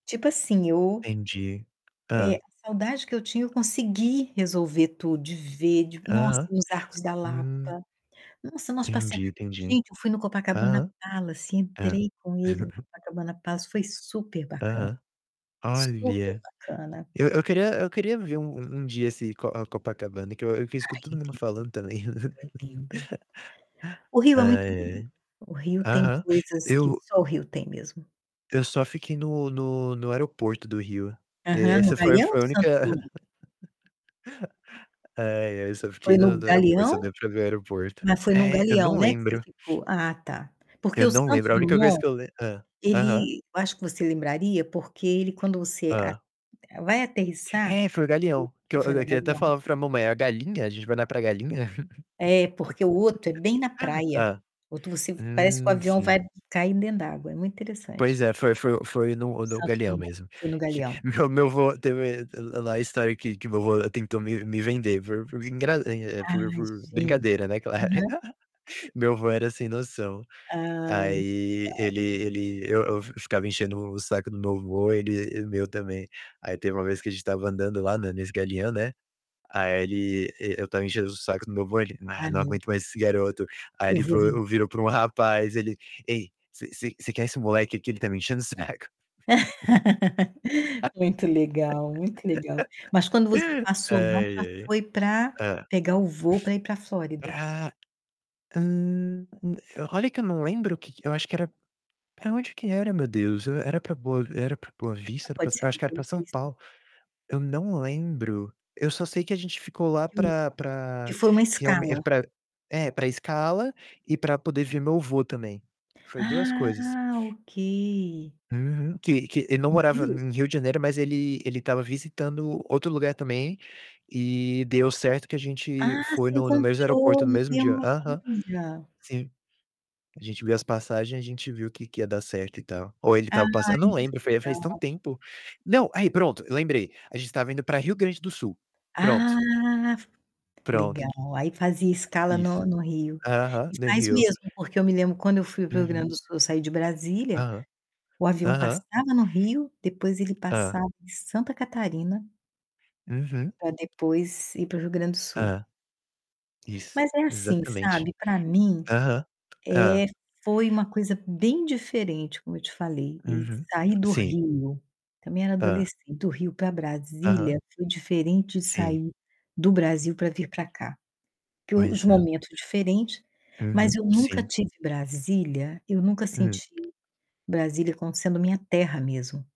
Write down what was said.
Tipo assim, eu Entendi. é, a Hã? saudade que eu tinha eu consegui resolver tudo, de ver, de nossa, Aham. ir nos Arcos da Lapa. Hum. Nossa, nós passeamo Entendi, entendi. gente, eu fui no Copacabana Hã. Palace, É. entrei com ele no Copacabana Palace, foi superbacana, Aham. Olha, superbacana. eu eu queria eu queria ver um um dia esse Co a Copacabana, que eu vi eu escuto todo Ai, mundo lindo. falando também. É lindo. O Rio é muito Ai, lindo. ai. O Rio tem Aham. coisas que Eu só o Rio tem mesmo. Eu só fiquei no no no aeroporto do Rio. E Aham, no essa foi Galeão ou foi a única Santos Dumont? ai, ai, eu só fiquei Foi no no no aeroporto, só Galeão? deu pra ver o aeroporto. Mas foi no É, eu Galeão, não né, que você lembro. ficou? Ah, tá. Porque Eu o não Santos lembro, a única coisa Dumont, que eu le hã, aham. ele eu acho que você lembraria, porque ele quando você a Hã. vai aterrissar É, foi o hum, Galeão, que eu foi eu no queria até Galeão. falar pra mamãe: "A galinha? A gente vai lá pra galinha?" É, porque o outro é bem na praia, Hã. o outro você parece que o Hum, avião sim. vai cair dentro d'água, é muito Pois interessante. é, foi foi foi no no Santos Galeão Dumont, mesmo. foi no Que Galeão. meu meu avô teve lá lá a história que que meu avô tentou me me vender por por engra é, Ah, por por gente. brincadeira, né, claro. Aham. Meu avô era sem noção. Ah Aí [unintelligible] ele ele eu eu fi-ficava enchendo o saco do meu avô, ele e o meu também. Aí teve uma vez que a gente tava andando lá na nesse Galeão, né. Aí ele e eu tava enchendo o saco do meu avô, ele: "Ah, Ai não meu aguento mais Deus. esse garoto". Aí Eu ele vou vender. vo virou para um rapaz, ele: "Ei, você você você quer esse moleque aqui? Ele tá me enchendo o saco". Muito legal, muito legal. Mas quando você passou lá, já Ai, ai. foi pra Hã? pegar o voo pra ir pra Flórida? Pra hum, olha que eu não lembro o que que eu acho que era pra onde que era, meu Deus? Era pra Boa era pra Boa Não, Vista? Era pra pode eu ser acho do que era pra Boa São Vista. Paulo. Eu não lembro. Eu só sei que a gente ficou lá Que o pra que pra foi uma realme escala? pra é, pra escala e pra poder ver meu avô também. Foi 2 coisas. Ah, ok. Uhum. Que que ele não No morava Rio? em Rio de Janeiro, mas ele ele tava visitando outro lugar também e deu certo que a gente Ah, foi se no no mesmo encontrou, aeroporto, no no mesmo dia. [unintelligible] Aham. olha. Sim. A gente viu as passagem, a gente viu que que ia dar certo e tal. Ou ele Ah, tava passando eu não muito lembro, foi há faz tão legal. tempo. Não, aí pronto, lembrei. A gente tava indo pra Rio Grande do Sul. Ah, Pronto. f Pronto. legal, aí fazia escala Isso. no no Rio. Aham, E no faz Rio. mesmo, porque eu me lembro quando eu fui para o Rio Uhum. Grande do Sul, eu saí de Brasília, Aham. o avião Aham. passava no Rio, depois ele Hã. passava em Santa Catarina Uhum. pra depois ir para o Rio Grande do Sul. Hã. Isso, Mas é assim, exatamente. sabe, pra mim, Aham. Hã. eh, foi uma coisa bem diferente, como eu te falei, e Uhum. sair do Sim. Rio, também era Hã. adolescente, do Rio pra Aham. Brasília, foi diferente de Sim. sair do Brasil pra vir pra cá, porque os Pois é. momentos diferentes, mas Uhum, eu nunca sim. tive Brasília, eu nunca Hum. senti Brasília como sendo minha terra mesmo.